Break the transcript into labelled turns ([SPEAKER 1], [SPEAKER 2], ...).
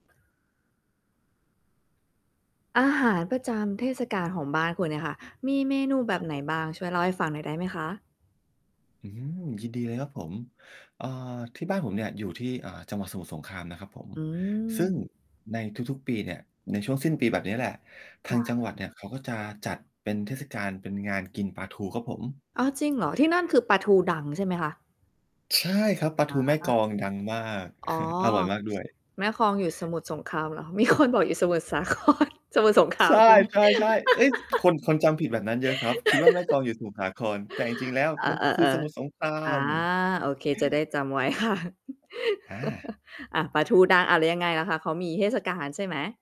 [SPEAKER 1] อาหารประจำเทศกาลของบ้านคุณเนี่ยค่ะ มีเมนูแบ
[SPEAKER 2] ค
[SPEAKER 1] บ
[SPEAKER 2] รับ
[SPEAKER 1] ไหน
[SPEAKER 2] ผม
[SPEAKER 1] บ้าง ช่วยเล่าให้ฟังหน่อยได้ไหมคะ?
[SPEAKER 2] อืม ยินดีเลยครับผม เอ่อ ที่บ้านผมเนี่ยอยู่ที่ อ่า จังหวัดสมุทรสงครามนะครับผม
[SPEAKER 1] อื
[SPEAKER 2] ซึ่ง
[SPEAKER 1] ม
[SPEAKER 2] ในทุก ๆ ปีเนี่ย ในช่วงสิ้นปีแบบนี้แหละ ท
[SPEAKER 1] ค
[SPEAKER 2] า
[SPEAKER 1] ่
[SPEAKER 2] งจัง
[SPEAKER 1] ะ
[SPEAKER 2] หวัดเนี่ยเขา ก็จะจัดเป็นเทศกาลเป็นงานกินปลาทูครับผม
[SPEAKER 1] อ้าว! จริงเหรอ ที่นั่นคือปลาทูดังใช่ไหมคะ?
[SPEAKER 2] ใช่ครับ ปลาท
[SPEAKER 1] อ
[SPEAKER 2] ูแม่กล
[SPEAKER 1] า
[SPEAKER 2] องดังมาก
[SPEAKER 1] อ๋อ
[SPEAKER 2] อร่อยมากด้วย
[SPEAKER 1] แม่กลอง อยู่สมุทรสงครามเหรอ มี คน บอกอยู่สมุทรสา คร สมุทรสงครา
[SPEAKER 2] ใช
[SPEAKER 1] ม
[SPEAKER 2] ่
[SPEAKER 1] ใช่ไหม
[SPEAKER 2] ๆ ๆ เฮ้ย! คน คนจำผิดแบบนั้นเยอะครับ คิดว่า แม่กลองอยู่สมุทรสาคร แต่จริง ๆ แล้ว
[SPEAKER 1] เออ
[SPEAKER 2] มัน คือสมุทรส
[SPEAKER 1] ๆ
[SPEAKER 2] งครา
[SPEAKER 1] ๆ อา
[SPEAKER 2] ม
[SPEAKER 1] โอเคจะได้จำไว้ ค่ะ
[SPEAKER 2] อา
[SPEAKER 1] อ่า ปลาทูดัง อ้าว แล้วยังไงล่ะคะ เขามีเทศกาลใช่ไหม?